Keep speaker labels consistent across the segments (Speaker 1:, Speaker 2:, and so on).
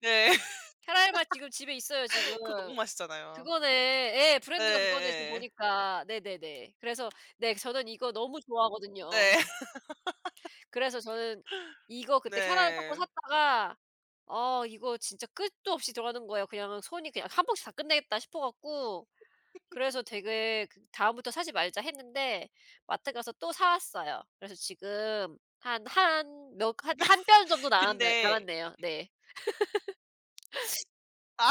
Speaker 1: 네.
Speaker 2: 캐러멜 맛 지금 집에 있어요 지금.
Speaker 1: 그거 너무 맛있잖아요.
Speaker 2: 그거네. 예. 브랜드가 그거네, 지금
Speaker 1: 예예예.
Speaker 2: 보니까. 네네네. 그래서 네 저는 이거 너무 좋아하거든요.
Speaker 1: 네.
Speaker 2: 그래서 저는 이거 그때 캐러멜 팝콘
Speaker 1: 네.
Speaker 2: 샀다가 어 이거 진짜 끝도 없이 들어가는 거예요. 그냥 손이 그냥 1 봉지 다 끝내겠다 싶어 갖고 그래서 되게 그다음부터 사지 말자 했는데 마트 가서 또 사 왔어요. 그래서 지금 한 한 몇 한 1 뼘 정도 남았나
Speaker 1: 근데
Speaker 2: 남았네요. 네.
Speaker 1: 아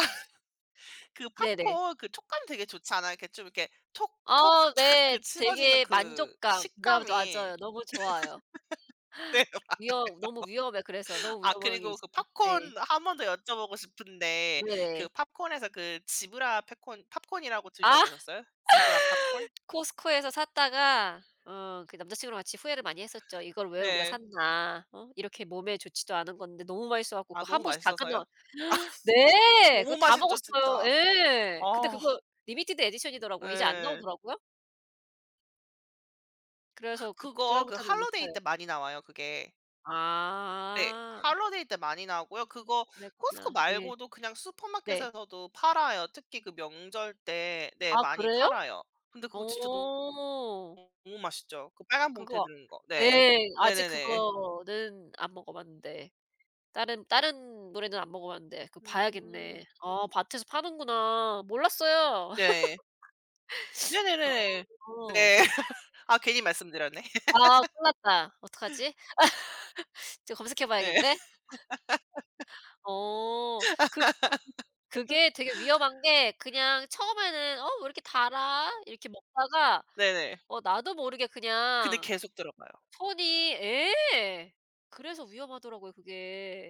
Speaker 1: 그
Speaker 2: 네네.
Speaker 1: 팝콘 그 촉감 되게 좋잖아요. 그 좀 이렇게 톡 톡
Speaker 2: 아
Speaker 1: 착
Speaker 2: 네.
Speaker 1: 그 씹어지는
Speaker 2: 되게
Speaker 1: 그
Speaker 2: 만족감 아
Speaker 1: 식감이
Speaker 2: 맞아요. 너무 좋아요.
Speaker 1: 네 맞아요.
Speaker 2: 위험 너무 위험해. 그래서 너무
Speaker 1: 아
Speaker 2: 위험한 게
Speaker 1: 그리고 그
Speaker 2: 있어요.
Speaker 1: 팝콘
Speaker 2: 네.
Speaker 1: 1 번 더 여쭤보고 싶은데 그
Speaker 2: 네.
Speaker 1: 팝콘에서 그 지브라 팹콘 팝콘이라고
Speaker 2: 아.
Speaker 1: 드셔보셨어요? Zebra Popcorn?
Speaker 2: Costco에서 샀다가 어 그 남자친구랑 같이 후회를 많이 했었죠. '이걸 왜 우리가
Speaker 1: 네.
Speaker 2: 샀나.' 어 이렇게 몸에 좋지도 않은 건데 너무 맛있어 가지고
Speaker 1: 아
Speaker 2: 그거 한
Speaker 1: 너무
Speaker 2: 봉지 다
Speaker 1: 맛있어서요?
Speaker 2: 끝나 네 그거
Speaker 1: 너무
Speaker 2: 다
Speaker 1: 맛있죠
Speaker 2: 먹었어요.
Speaker 1: 진짜.
Speaker 2: 예. 근데
Speaker 1: 아.
Speaker 2: 그거 리미티드 에디션이더라고요. 이제 안
Speaker 1: 네.
Speaker 2: 나오더라고요. 그래서 그
Speaker 1: 그거 그
Speaker 2: 그다음부터는 못
Speaker 1: holiday
Speaker 2: 사요.
Speaker 1: 때 많이 나와요 그게. 네.
Speaker 2: 아.
Speaker 1: holiday 때 많이 나오고요. 그거
Speaker 2: 그랬구나. 예.
Speaker 1: Costco말고도 그냥
Speaker 2: 네.
Speaker 1: 슈퍼마켓에서도 팔아요. 특히 그 명절 때 네
Speaker 2: 아
Speaker 1: 많이
Speaker 2: 그래요?
Speaker 1: 팔아요. 근데 그거 진짜 너무
Speaker 2: 어.
Speaker 1: 너무 맛있죠. 그 빨간 봉투에
Speaker 2: 그거
Speaker 1: 든 거. 네.
Speaker 2: 네 아직
Speaker 1: 네네네.
Speaker 2: 그거는 안 먹어봤는데. 다른 다른 노래는 안 먹어봤는데 그거
Speaker 1: 음.
Speaker 2: 봐야겠네. 아 마트에서 파는구나. 몰랐어요.
Speaker 1: 네. 네네네네.
Speaker 2: 어.
Speaker 1: 네. 아 괜히 말씀드렸네.
Speaker 2: 아 큰일 났다. 어떡하지? 지금 검색해
Speaker 1: 네.
Speaker 2: 봐야겠네. 어. 그 [unintelligible] 그게 되게 위험한 게 그냥 처음에는 '어 왜 이렇게 달아?' 이렇게 먹다가
Speaker 1: 네네.
Speaker 2: 어 나도 모르게
Speaker 1: 근데
Speaker 2: 그냥
Speaker 1: 계속 들어가요.
Speaker 2: 손이 예 그래서 위험하더라고요 그게.